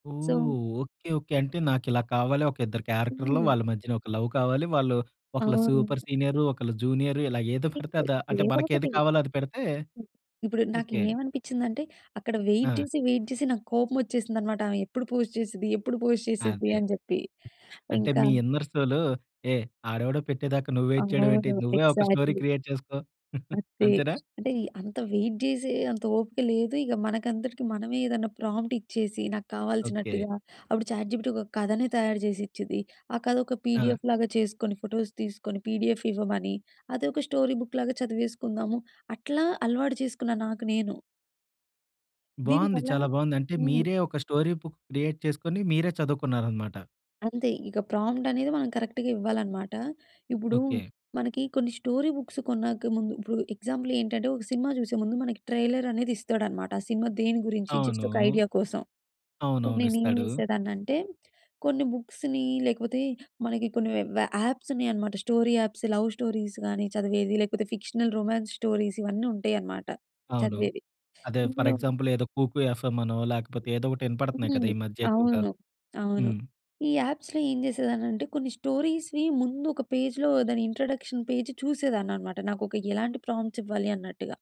ఓహ్! So okay. Okay. అంటే, నాకు ఇలా కావాలి, ఒక ఇద్దరు క్యారెక్టర్‌లు, వాళ్ళ హ్మ్. మధ్యన ఒక లవ్ కావాలి. వాళ్ళు ఆ! ఒకళ్ళు సూపర్ సీనియరు, ఒకళ్ళు జూనియరు ఇలా ఏదో పెడితే ఇంతే. అది అంటే ఏదో మనకు ఏది ఒకటి. కావాలో అది పెడితే ఇప్పుడు నాకు ఓకే. ఏమనిపిచ్చింది అంటే, అక్కడ వెయిట్ ఆ! చేసి వెయిట్ చేసి నాకు కోపం వచ్చేసింది అన్నమాట. ఆమె ఎప్పుడు పోస్ట్ చేసిద్ది, ఎప్పుడు పోస్ట్ చేసిద్ది అదే. అని చెప్పి. అంటే ఇంకా మీ ఇన్నర్ సోల్, ఏ ఆడెవడో పెట్టేదాకా నువ్ వెయిట్ చేయడం ఏంటి? అవును. నువ్వే ఒక స్టోరీ ఎగ్జాక్ట్‌లీ. క్రియేట్ చేసుకో. అంతే. అంతేనా? అంటే అంత వెయిట్ చేసే అంత ఓపిక లేదు. ఇక మనకందరికి మనమే ఏదైనా ప్రాంప్ట్ ఇచ్చేసి నాకు ఓకే. కావాల్సినట్టుగా, అప్పుడు చాట్ జీపీటి ఒక కథనే తయారు చేసి ఇచ్చిద్ది. ఆ కథ ఒక ఆ! పిడిఎఫ్ లాగా చేసుకొని, ఫోటోస్ తీసుకొని, పిడిఎఫ్ ఇవ్వమని అదొక స్టోరీ బుక్ లాగా చదివేసుకుందాము. అట్లా అలవాటు చేసుకున్నా నాకు నేను. బావుంది. దీనివల్ల చాలా బావుంది. అంటే, హ్మ్. మీరే ఒక స్టోరీ బుక్ క్రియేట్ చేసుకొని మీరే చదువుకున్నారు అన్నమాట? అంతే. ఇక ప్రాంప్ట్ అనేది మనం కరెక్ట్‌గా ఇవ్వాలన్నమాట. ఇప్పుడు ఓకే. మనకి కొన్ని స్టోరీ బుక్స్ కొన్నాక ముందు ఇప్పుడు ఎగ్జాంపుల్ ఏంటంటే ఒక సినిమా చూసే ముందు మనకి ట్రైలర్ అనేది ఇస్తాడు అన్నమాట ఆ సినిమా దేని గురించి జస్ట్ అవును. ఒక ఐడియా కోసం. అప్పుడు అవునవును. నేను ఏం ఇస్తాడు. చేసేదాన్ని అంటే, కొన్ని బుక్స్‌ని లేకపోతే మనకి కొన్ని యా యాప్స్ ఉన్నాయి అన్నమాట. స్టోరీ యాప్స్, లవ్ స్టోరీస్ గాని చదివేవి, లేకపోతే ఫిక్షనల్ రొమాన్స్ స్టోరీస్, ఇవన్నీ ఉంటాయి అన్నమాట అవును. చదివేవి. అదే ఫ‌ర్ ఇందులో ఎగ్జాంపుల్ ఏదో 'కూకు ఎఫ్ఎమ్' అనో, లేకపోతే ఏదో ఒకటి వినపడుతున్నాయి హ్మ్. కదా! ఈ మధ్య ఎక్కువగా? అవును. అవును. హ్మ్. ఈ యాప్స్‌లో ఏం చేసేదాన్ని అంటే, కొన్ని స్టోరీస్‌‌వి ముందు ఒక పేజ్‌లో దాని ఇంట్రడక్షన్ పేజ్ చూసేదాన్ని అన్నమాట. నాకు ఒక ఎలాంటి ప్రాంప్ట్స్ ఇవ్వాలి అన్నట్టుగా.